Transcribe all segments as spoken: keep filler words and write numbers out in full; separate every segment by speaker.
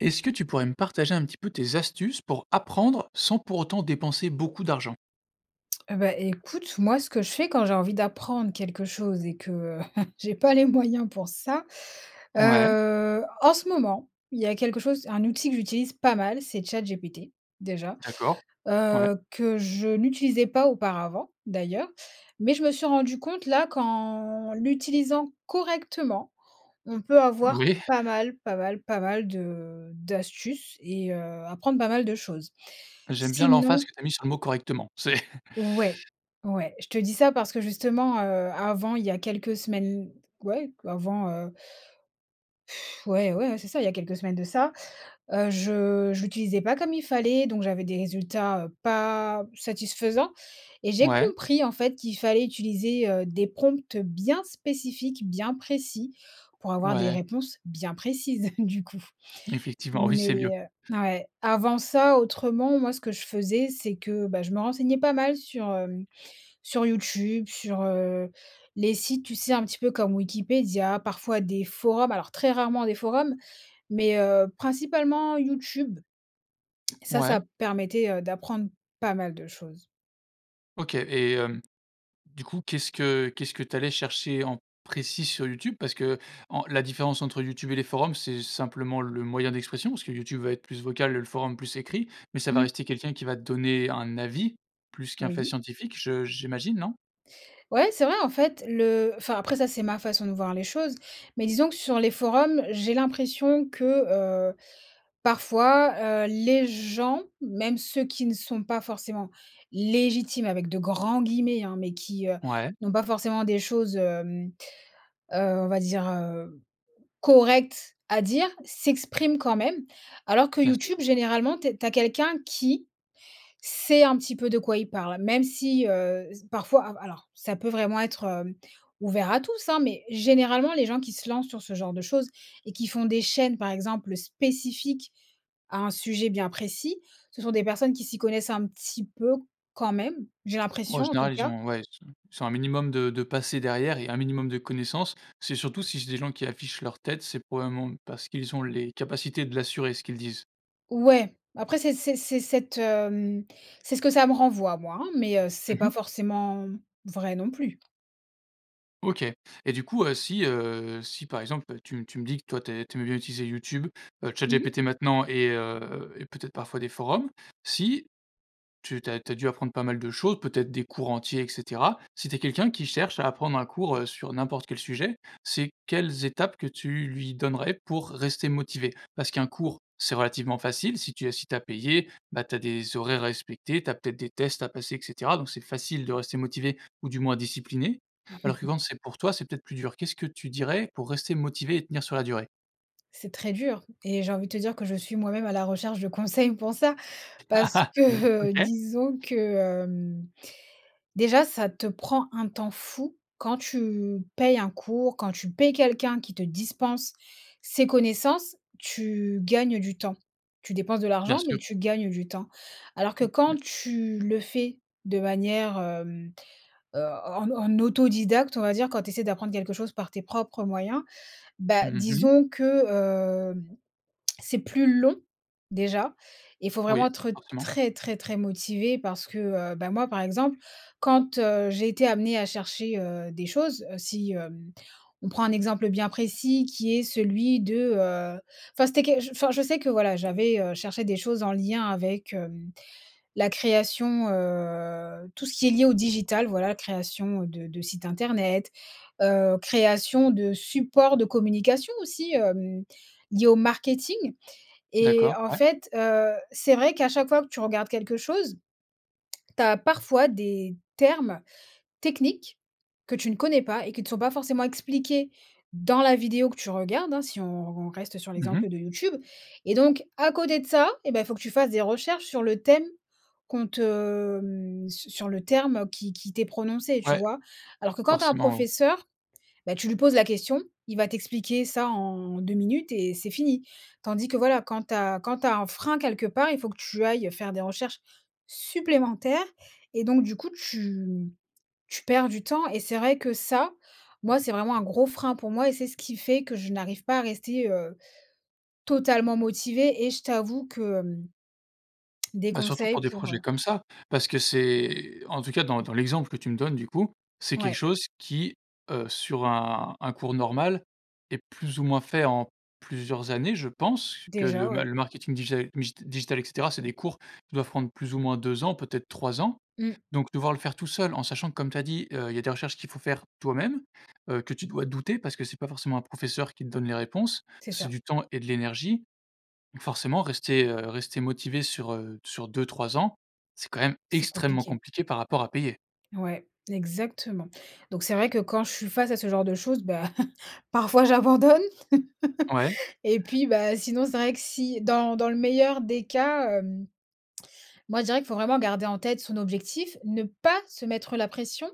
Speaker 1: Est-ce que tu pourrais me partager un petit peu tes astuces pour apprendre, sans pour autant dépenser beaucoup d'argent?
Speaker 2: Et bah écoute, moi, ce que je fais quand j'ai envie d'apprendre quelque chose et que, heu, j'ai pas les moyens pour ça,
Speaker 1: Ouais.
Speaker 2: heu, en ce moment, il y a quelque chose un outil que j'utilise pas mal, c'est ChatGPT, déjà,
Speaker 1: D'accord, ouais.
Speaker 2: heu, que je n'utilisais pas auparavant d'ailleurs. Mais je me suis rendue compte là qu'en l'utilisant correctement, on peut avoir
Speaker 1: Moui.
Speaker 2: pas mal, pas mal, pas mal, de, heu, d'astuces et heu, apprendre pas mal de choses.
Speaker 1: J'aime bien
Speaker 2: Sinon
Speaker 1: l'emphase que tu as mis sur le mot correctement. C'est
Speaker 2: Ouais, ouais, je te dis ça parce que, justement, heu, avant, il y a quelques semaines, ouais avant, heu pff ouais ouais hein, c'est ça, il y a quelques semaines de ça, heu, je je l'utilisais pas comme il fallait, donc j'avais des résultats, heu, pas satisfaisants et j'ai
Speaker 1: Ouais.
Speaker 2: compris en fait qu'il fallait utiliser, heu, des prompts bien spécifiques, bien précis, pour avoir des
Speaker 1: Ouais.
Speaker 2: réponses bien précises, du coup.
Speaker 1: Effectivement, oui c'est mieux.
Speaker 2: Mais, heu, ouais, avant ça autrement moi ce que je faisais, c'est que, bah, je me renseignais pas mal sur, hem, sur YouTube, sur, heu, les sites, tu sais? Un petit peu comme Wikipédia, parfois des forums, alors très rarement des forums mais, heu, principalement YouTube. Ça, ça
Speaker 1: Ouais.
Speaker 2: permettait, heu, d'apprendre, pas mal de choses.
Speaker 1: OK, et hem, du coup, qu'est-ce que qu'est-ce que tu allais chercher en précis sur YouTube? Parce qu' en la différence entre YouTube et les forums, c'est simplement le moyen d'expression, parce que YouTube va être plus vocal et le forum plus écrit, mais ça va
Speaker 2: Mmh.
Speaker 1: rester quelqu'un qui va donner un avis plus qu'un fait
Speaker 2: Oui.
Speaker 1: scientifique, je j'imagine, non?
Speaker 2: Ouais, c'est vrai. En fait, le enfin, après, ça, c'est ma façon de voir les choses, mais disons que, sur les forums, j'ai l'impression que, heu, parfois, heu, les gens même ceux qui ne sont pas forcément légitimes avec de grands guillemets, hein, mais qui, heu,
Speaker 1: Ouais.
Speaker 2: n'ont pas forcément des choses, hem, heu, on va dire, heu, correctes à dire, s'expriment quand même. Alors que
Speaker 1: Bien sûr.
Speaker 2: YouTube, généralement, tu es tu as quelqu'un qui sait un petit peu de quoi il parle. Même si, heu, parfois, al alors, ça peut vraiment être, heu, ouvert à tous, hein, mais généralement, les gens qui se lancent sur ce genre de choses et qui font des chaînes, par exemple, spécifiques à un sujet bien précis, ce sont des personnes qui s'y connaissent un petit peu quand même, j'ai
Speaker 1: Ouais, en
Speaker 2: l'impression, en tout
Speaker 1: général, ils
Speaker 2: cas.
Speaker 1: ont, ouais, ils sont sont un minimum de de passé derrière et un minimum de connaissances. C'est surtout si j'ai des gens qui affichent leur tête, c'est probablement parce qu'ils ont les capacités de l'assurer, ce qu'ils disent.
Speaker 2: Ouais, après, c'est c'est c'est cette, hem, c'est ce que ça me renvoie, moi, hein, mais c'est
Speaker 1: Mmh mh.
Speaker 2: pas forcément, vrai non plus.
Speaker 1: OK et du coup, heu, si, heu, si par exemple, heu, tu m tu me dis que toi, tu es tu aimais bien utiliser YouTube, heu,
Speaker 2: Mmh mh.
Speaker 1: ChatGPT maintenant et heu et peut-être parfois des forums. Si, tu tu as tu as dû apprendre pas mal de choses, peut-être des cours entiers et cetera. Si tu es quelqu'un qui cherche à apprendre un cours, heu, sur n'importe quel sujet, c'est quelles étapes que tu lui donnerais pour rester motivé? Parce qu'un cours, c'est relativement facile, si tu es si tu as payé, bah, tu as des horaires à respecter, tu as peut-être des tests à passer et cetera, donc c'est facile de rester motivé ou du moins discipliné. Alors que quand c'est pour toi, c'est peut-être plus dur. Qu'est-ce que tu dirais pour rester motivé et tenir sur la durée?
Speaker 2: C'est très dur et j'ai envie de te dire que je suis moi-même à la recherche de conseils pour ça, parce que, heu
Speaker 1: OK.
Speaker 2: disons que, hem, déjà ça te prend un temps fou quand tu payes un cours, quand tu payes quelqu'un qui te dispense ses connaissances, tu gagnes du temps. Tu dépenses de
Speaker 1: Bien
Speaker 2: l'argent, mais
Speaker 1: sûr.
Speaker 2: tu gagnes du temps. Alors, que
Speaker 1: Tu
Speaker 2: quand
Speaker 1: mais
Speaker 2: tu le fais de manière, hem, heu, en au en autodidacte, on va dire, quand tu essaies d'apprendre quelque chose par tes propres moyens, bah,
Speaker 1: Mmh mh.
Speaker 2: disons que hem c'est plus long déjà et il faut vraiment
Speaker 1: Oui,
Speaker 2: être
Speaker 1: forcément.
Speaker 2: très très très motivé, parce que, heu, bah, moi par exemple quand, heu, j'ai été amenée à chercher, heu, des choses, heu, si, hem, on prend un exemple bien précis qui est celui de, heu, enfin c'était quel je enfin je sais que voilà j'avais, heu, cherché des choses en lien avec, hem, la création, heu, tout ce qui est lié au digital, voilà, la création, heu, de de sites internet, heu, création de support de communication aussi, hem, lié au marketing et
Speaker 1: D'accord,
Speaker 2: en
Speaker 1: ouais.
Speaker 2: fait, heu, c'est vrai qu'à chaque fois que tu regardes quelque chose, tu as parfois des termes techniques que tu ne connais pas et qui te sont pas forcément expliqués dans la vidéo que tu regardes, hein, si on on reste sur
Speaker 1: Mmh
Speaker 2: l'exemple
Speaker 1: mh.
Speaker 2: de YouTube et donc, à côté de ça et beh, il faut que tu fasses des recherches sur le thème qu'on te hem su sur le terme, heu, qui qui t'est prononcé, tu
Speaker 1: Ouais,
Speaker 2: vois? Alors que quand tu as un
Speaker 1: forcément, ouais.
Speaker 2: professeur, bah, tu lui poses la question, il va t'expliquer ça en deux minutes et c'est fini. Tandis que voilà, quand tu as quand tu as un frein quelque part, il faut que tu ailles faire des recherches supplémentaires et donc du coup tu, mmh, tu perds du temps et c'est vrai que ça, moi c'est vraiment un gros frein pour moi et c'est ce qui fait que je n'arrive pas à rester, heu, totalement motivée et je t'avoue que, hem des
Speaker 1: Bah, surtout
Speaker 2: conseils
Speaker 1: pour des
Speaker 2: pour,
Speaker 1: projets
Speaker 2: heu
Speaker 1: comme ça. Parce que c'est en tout cas dans dans l'exemple que tu me donnes du coup, c'est quelque
Speaker 2: Ouais.
Speaker 1: chose qui, heu, sur un un cours normal, est plus ou moins fait en plusieurs années, je pense que
Speaker 2: Déjà,
Speaker 1: le ma
Speaker 2: ouais.
Speaker 1: le marketing digé migit digital et cetera, c'est des cours qui doivent prendre plus ou moins deux ans, peut-être trois ans.
Speaker 2: Mmh.
Speaker 1: Donc devoir le faire tout seul, en sachant comme tu as dit, heu, il y a des recherches qu'il faut faire toi-même, heu, que tu dois douter parce que c'est pas forcément un professeur qui te donne les réponses.
Speaker 2: C'est
Speaker 1: C'est
Speaker 2: ça.
Speaker 1: du temps et de l'énergie. Donc, forcément, rester, heu, rester motivée sur, heu, sur deux-trois ans, c'est quand même
Speaker 2: C'est
Speaker 1: extrêmement
Speaker 2: compliqué.
Speaker 1: compliqué par rapport à payer.
Speaker 2: Ouais, exactement. Donc c'est vrai que quand je suis face à ce genre de choses, bah parfois j'abandonne
Speaker 1: Ouais.
Speaker 2: et puis, bah, sinon c'est vrai que si dans dans le meilleur des cas, hem, moi je dirais qu'il faut vraiment garder en tête son objectif. Ne pas se mettre la pression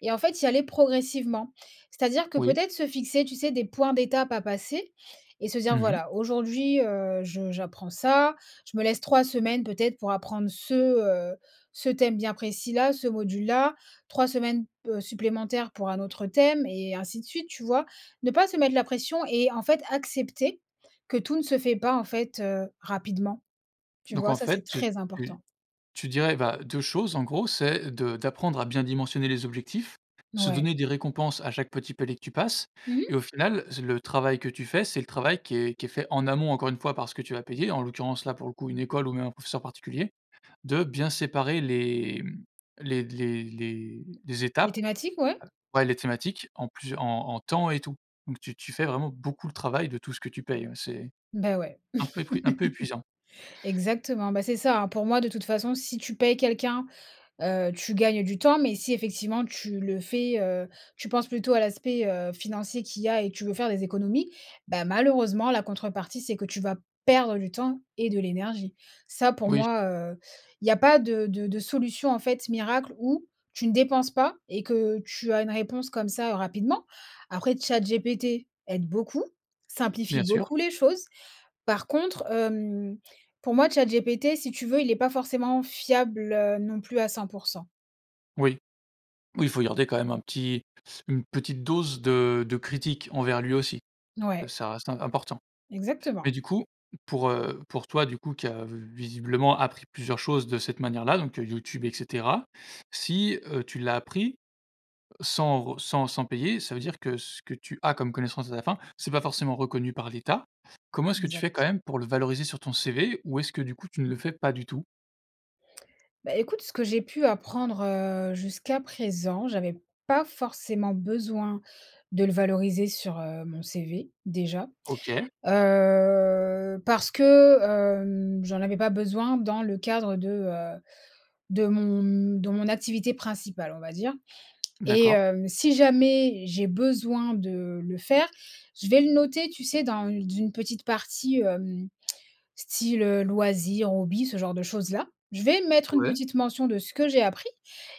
Speaker 2: et en fait y aller progressivement. C'est-à-dire que
Speaker 1: Oui.
Speaker 2: peut-être se fixer tu sais des points d'étapes à passer et se dire:
Speaker 1: Mmh mh.
Speaker 2: «Voilà, aujourd'hui, heu, je j'apprends ça, je me laisse trois semaines, peut-être, pour apprendre ce, heu, ce thème bien précis là, ce module là, trois semaines, p heu, supplémentaires pour un autre thème» et ainsi de suite, tu vois? Ne pas se mettre la pression et en fait accepter que tout ne se fait pas en fait, heu, rapidement. Tu
Speaker 1: Donc
Speaker 2: vois,
Speaker 1: en
Speaker 2: ça
Speaker 1: fait,
Speaker 2: c'est
Speaker 1: tu
Speaker 2: très
Speaker 1: tu
Speaker 2: important.
Speaker 1: tu dirais, bah, deux choses en gros, c'est, de d'apprendre à bien dimensionner les objectifs,
Speaker 2: N
Speaker 1: se
Speaker 2: ouais.
Speaker 1: donner des récompenses à chaque petit palier que tu passes
Speaker 2: Mmh
Speaker 1: et
Speaker 2: mh.
Speaker 1: au final, ce le travail que tu fais, c'est le travail qui est qui est fait en amont encore une fois parce que tu vas payer, en l'occurrence là, pour le coup, une école ou même un professeur particulier, de bien séparer les, mmh, les les les les
Speaker 2: Les
Speaker 1: étapes,
Speaker 2: thématiques, ouais.
Speaker 1: heu, ouais, les thématiques, en plusieurs en en temps et tout. Donc tu tu fais vraiment beaucoup le travail de tout ce que tu payes, ouais, c'est
Speaker 2: Bah, ouais.
Speaker 1: un peu épru un peu épuisant.
Speaker 2: Exactement, bah, c'est ça, hein, pour moi de toute façon, si tu payes quelqu'un, heu, tu gagnes du temps mais si effectivement tu le fais, heu, tu penses plutôt à l'aspect, heu, financier qu'il y a et tu veux faire des économies, bah, malheureusement la contrepartie c'est que tu vas perdre du temps et de l'énergie. Ça, pour
Speaker 1: Oui.
Speaker 2: moi, heu, il y a pas de de de solution en fait miracle, où, tu ne dépenses pas et que tu as une réponse comme ça, heu, rapidement. Après, ChatGPT aide beaucoup, simplifie
Speaker 1: Bien sûr.
Speaker 2: beaucoup les choses. Par contre, hem, pour moi ChatGPT, si tu veux, il est pas forcément fiable, heu, non plus à cent pour cent.
Speaker 1: Oui. Oui il faut garder quand même un petit une petite dose de, heu, de critiques envers lui aussi.
Speaker 2: Ouais.
Speaker 1: Ça reste im important. Mais
Speaker 2: Exactement.
Speaker 1: du coup pour, heu, pour toi du coup, qui a vi visiblement appris plusieurs choses de cette manière-là, donc YouTube et cetera. Si, heu, tu l'as appris, sans re sans sans payer, ça veut dire que, ce que tu as comme connaissance à la fin, c'est pas forcément reconnu par l'État. Comment est-ce que tu fais quand
Speaker 2: Exact.
Speaker 1: même, pour le valoriser sur ton CV ou est-ce que, du coup, tu ne le fais pas du tout?
Speaker 2: Bah écoute ce que j'ai pu apprendre, heu, jusqu'à présent, j'avais pas forcément besoin, de le valoriser sur, heu, mon CV, déjà.
Speaker 1: OK.
Speaker 2: Heu, parce que, hem, j'en avais pas besoin dans le cadre de, heu, de mon de mon activité principale on va dire et
Speaker 1: D'accord.
Speaker 2: hem si jamais j'ai besoin de le faire, je vais le noter tu sais dans une une petite partie hem, style, heu, loisir, hobby ce genre de choses là. Je vais mettre une
Speaker 1: Ouais.
Speaker 2: petite mention de ce que j'ai appris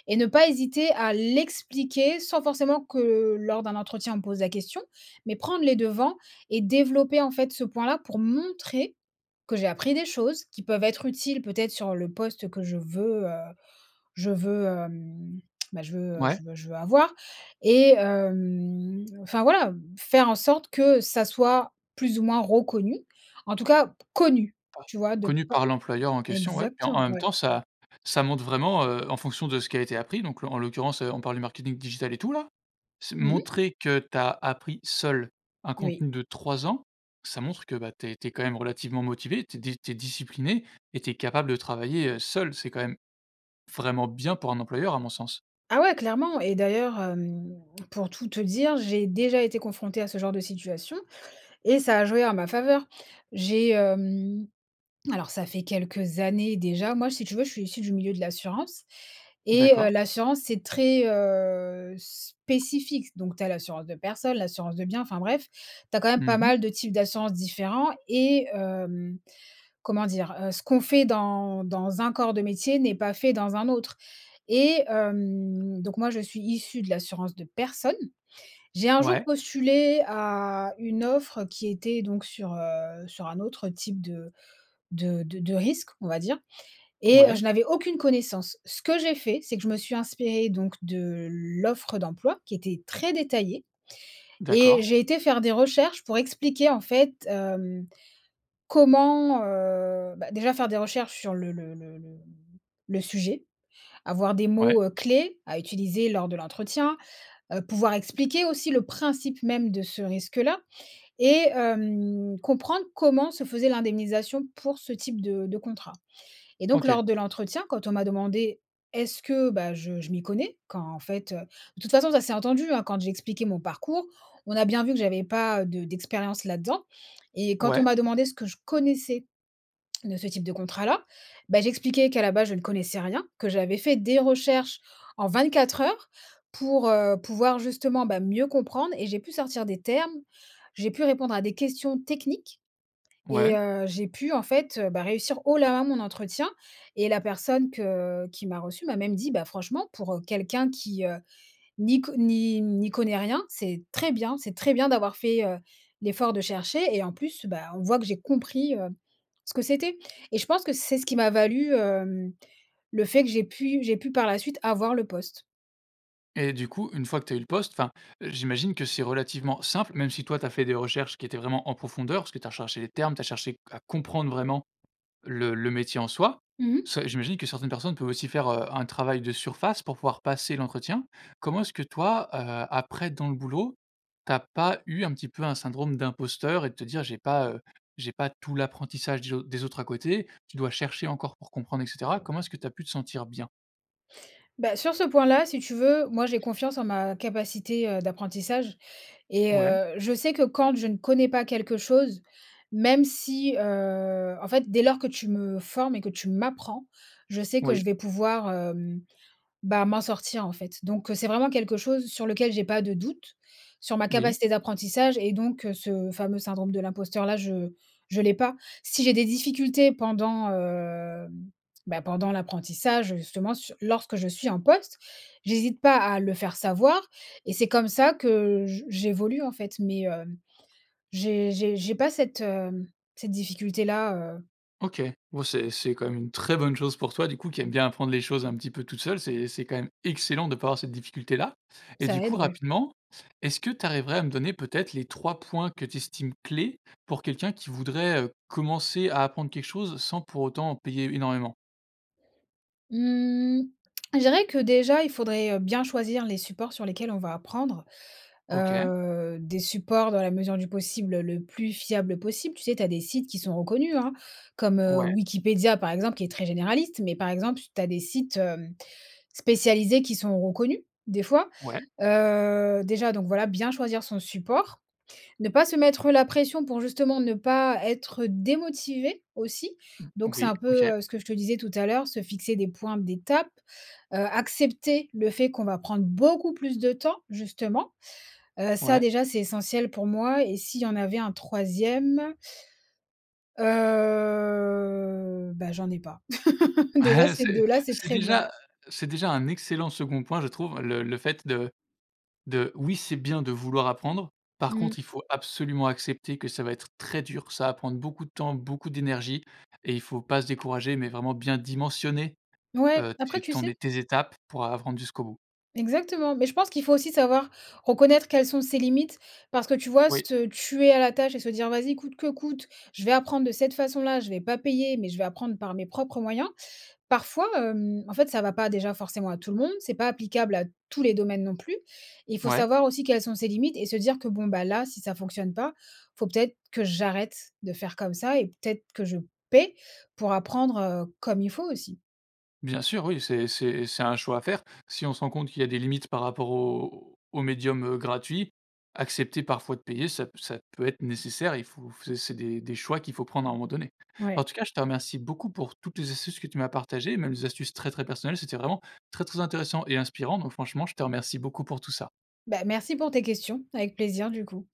Speaker 2: et ne pas hésiter à l'expliquer. Sans forcément que, lors d'un entretien, on me pose la question, mais prendre les devants et développer en fait ce point là. Pour montrer, que j'ai appris des choses, qui peuvent être utiles peut-être sur le poste que je veux, heu, je veux, hem, bah, je veux
Speaker 1: Ouais.
Speaker 2: je veux je veux avoir et hem enfin voilà, hem, faire en sorte que, ça soit, plus ou moins reconnu. En tout cas connu,
Speaker 1: Pa
Speaker 2: tu vois de
Speaker 1: connu
Speaker 2: pas
Speaker 1: par l'employeur en question ouais et en en
Speaker 2: exactement
Speaker 1: même
Speaker 2: ouais.
Speaker 1: temps, ça ça montre vraiment, heu, en fonction de ce qui a été appris. Donc la en l'occurrence, heu, on parle du marketing digital et tout là. C'est
Speaker 2: Mmh mh.
Speaker 1: montrer que tu as appris seule un
Speaker 2: Oui.
Speaker 1: contenu de trois ans. Ça montre que, bah, tu es tu es quand même relativement motivé, tu es di tu es discipliné. Et tu es capable de travailler, heu, seule. C'est quand même, vraiment bien pour un employeur à mon sens.
Speaker 2: Ah ouais clairement et d'ailleurs hem, pour tout te dire j'ai déjà été confrontée à ce genre de situation et ça a joué en ma faveur. J'ai hem alors ça fait quelques années déjà. Moi si tu veux je suis issue du milieu de l'assurance et heu,
Speaker 1: D'accord.
Speaker 2: l'assurance c'est très, heu, spécifique. Donc tu as l'assurance de personne, l'assurance de bien, enfin bref. Tu as quand même
Speaker 1: Mmh
Speaker 2: pas
Speaker 1: mh.
Speaker 2: mal de types d'assurance différents et hem, comment dire, heu, ce qu'on fait dans dans un corps de métier n'est pas fait dans un autre et hem, donc moi je suis issue de l'assurance de personne. J'ai un jour
Speaker 1: Ouais.
Speaker 2: postulé à une offre qui était donc sur, heu, sur un autre type de, heu, de de de risque on va dire et heu,
Speaker 1: Ouais.
Speaker 2: je n'avais aucune connaissance. Ce que j'ai fait, c'est que je me suis inspirée donc de l'offre d'emploi, qui était très détaillée et
Speaker 1: D'accord.
Speaker 2: j'ai été faire des recherches pour expliquer en fait hem, comment, heu bah déjà faire des recherches sur le le le le le hem, le sujet, avoir des
Speaker 1: Ouais.
Speaker 2: mots, heu, clés, à utiliser lors de l'entretien. Heu, pouvoir expliquer aussi le principe même, de ce risque-là et hem, comprendre comment se faisait l'indemnisation pour ce type de de contrat et donc
Speaker 1: OK.
Speaker 2: lors de l'entretien quand on m'a demandé, est-ce que bah je je m'y connais. Quand en fait, heu de toute façon ça s'est entendu hein, quand j'expliquais mon parcours, on a bien vu que j'avais pas, heu, de d'expérience là-dedans. Et quand on
Speaker 1: Ouais.
Speaker 2: m'a demandé ce que je connaissais, de ce type de contrat là. Bah j'expliquais qu'à la base je ne connaissais rien, que j'avais fait des recherches en vingt-quatre heures pour, heu, pouvoir justement bah mieux comprendre et j'ai pu sortir des termes, j'ai pu répondre à des questions techniques et
Speaker 1: Ouais.
Speaker 2: heu, j'ai pu en fait bah réussir haut la main mon entretien et la personne que qui m'a reçu m'a même dit: «Bah, franchement pour, heu, quelqu'un qui, heu, n'y con n'y n'y connaît rien, c'est très bien. C'est très bien d'avoir fait, heu, l'effort de chercher et en plus bah, on voit que j'ai compris hem, ce que c'était et je pense que c'est ce qui m'a valu hem, le fait que j'ai pu j'ai pu par la suite avoir le poste.
Speaker 1: Et du coup, une fois que tu as eu le poste, enfin, j'imagine que c'est relativement simple. Même si toi, tu as fait des recherches qui étaient vraiment en profondeur, parce que tu as recherché les termes, tu as cherché à comprendre vraiment le le métier en soi.
Speaker 2: Mmh mh.
Speaker 1: Ça j'imagine que certaines personnes peuvent aussi faire, heu, un travail de surface, pour pouvoir passer l'entretien. Comment est-ce que toi, heu, après dans le boulot, tu as pas eu un petit peu un syndrome d'imposteur? Et de te dire: «J'ai pas, heu, j'ai pas tout l'apprentissage des jau des autres à côté», tu dois chercher encore pour comprendre, et cetera. Comment est-ce que tu as pu te sentir bien?
Speaker 2: Bah, sur ce point là, si tu veux, moi j'ai confiance en ma capacité, heu, d'apprentissage et
Speaker 1: Ouais.
Speaker 2: heu, je sais que quand je ne connais pas quelque chose. Même si, heu, en fait dès lors que tu me formes et que tu m'apprends, je sais que je
Speaker 1: Oui.
Speaker 2: vais pouvoir, hem, bah m'en sortir en fait. Donc c'est vraiment quelque chose sur lequel j'ai pas de doute, sur ma
Speaker 1: Oui.
Speaker 2: capacité d'apprentissage et donc ce fameux syndrome de l'imposteur là, je je l'ai pas! Si j'ai des difficultés pendant, heu, bah, pendant l'apprentissage justement sur lorsque je suis en poste. J'hésite pas à le faire savoir, et c'est comme ça que je j'évolue en fait. Mais hem, j'ai j'ai j'ai pas cette, heu, cette difficulté là, heu.
Speaker 1: OK, bon c'est c'est quand même une très bonne chose pour toi, du coup, qui aimes bien apprendre les choses un petit peu toute seule, c'est c'est quand même excellent de pas avoir cette difficulté-là et
Speaker 2: Ça
Speaker 1: du
Speaker 2: aide,
Speaker 1: coup,
Speaker 2: ouais.
Speaker 1: rapidement, est-ce que tu arriverais à me donner peut-être les trois points que tu estimes clés pour quelqu'un qui voudrait, heu, commencer à apprendre quelque chose sans pour autant payer énormément?
Speaker 2: Mmh, je dirais que déjà il faudrait, heu, bien choisir les supports sur lesquels on va apprendre,
Speaker 1: OK.
Speaker 2: heu, des supports dans la mesure du possible le plus fiable possible. Tu sais? Tu as des sites qui sont reconnus, hein, comme, heu,
Speaker 1: Ouais.
Speaker 2: Wikipédia par exemple qui est très généraliste mais par exemple tu as des sites, hem, spécialisés qui sont reconnus des fois.
Speaker 1: Ouais.
Speaker 2: Heu, déjà donc voilà, bien choisir son support, ne pas se mettre la pression pour justement ne pas être démotivé aussi, donc c'est
Speaker 1: Oui,
Speaker 2: un
Speaker 1: OK.
Speaker 2: peu, heu, ce que je te disais tout à l'heure se fixer des points d'étapes, heu, accepter le fait qu'on va prendre beaucoup plus de temps, justement, heu, ça
Speaker 1: Ouais.
Speaker 2: déjà c'est essentiel pour moi et s'il y en avait un troisième heu, bah j'en n'ai pas. Déjà ces
Speaker 1: C'est
Speaker 2: deux là, c'est
Speaker 1: c'est
Speaker 2: très bien.
Speaker 1: déjà c'est déjà un excellent second point, je trouve, le le fait de de oui, c'est bien de vouloir apprendre. Par
Speaker 2: Mmh.
Speaker 1: contre, il faut absolument accepter que ça va être très dur, ça va prendre beaucoup de temps, beaucoup d'énergie et il faut pas se décourager, mais vraiment bien dimensionner,
Speaker 2: Ouais,
Speaker 1: heu,
Speaker 2: après
Speaker 1: t
Speaker 2: tu
Speaker 1: ton
Speaker 2: sais
Speaker 1: é tes étapes pour apprendre jusqu'au bout.
Speaker 2: Exactement, mais je pense qu'il faut aussi savoir reconnaître quelles sont ses limites parce que tu vois,
Speaker 1: Oui.
Speaker 2: se tuer à la tâche et se dire: «Vas-y coûte que coûte, je vais apprendre de cette façon-là, je vais pas payer, mais je vais apprendre par mes propres moyens». Parfois, hem, en fait, ça va pas déjà forcément à tout le monde, c'est pas applicable à tous les domaines non plus et il faut
Speaker 1: Ouais.
Speaker 2: savoir aussi quelles sont ses limites et se dire que: «Bon bah là si ça fonctionne pas, il faut peut-être que j'arrête de faire comme ça et peut-être que je paie pour apprendre, heu, comme il faut aussi».
Speaker 1: Bien sûr, oui, c'est c'est c'est un choix à faire. Si on se rend compte qu'il y a des limites par rapport aux aux médiums, heu, gratuits, accepter parfois de payer, ça ça peut être nécessaire. Et il faut f c'est des des choix qu'il faut prendre à un moment donné. En
Speaker 2: Ouais.
Speaker 1: tout cas, je te remercie beaucoup pour toutes les astuces que tu m'as partagées, même les astuces très, très personnelles. C'était vraiment très, très intéressant et inspirant. Donc franchement, je te remercie beaucoup pour tout ça.
Speaker 2: Bah merci pour tes questions, avec plaisir du coup.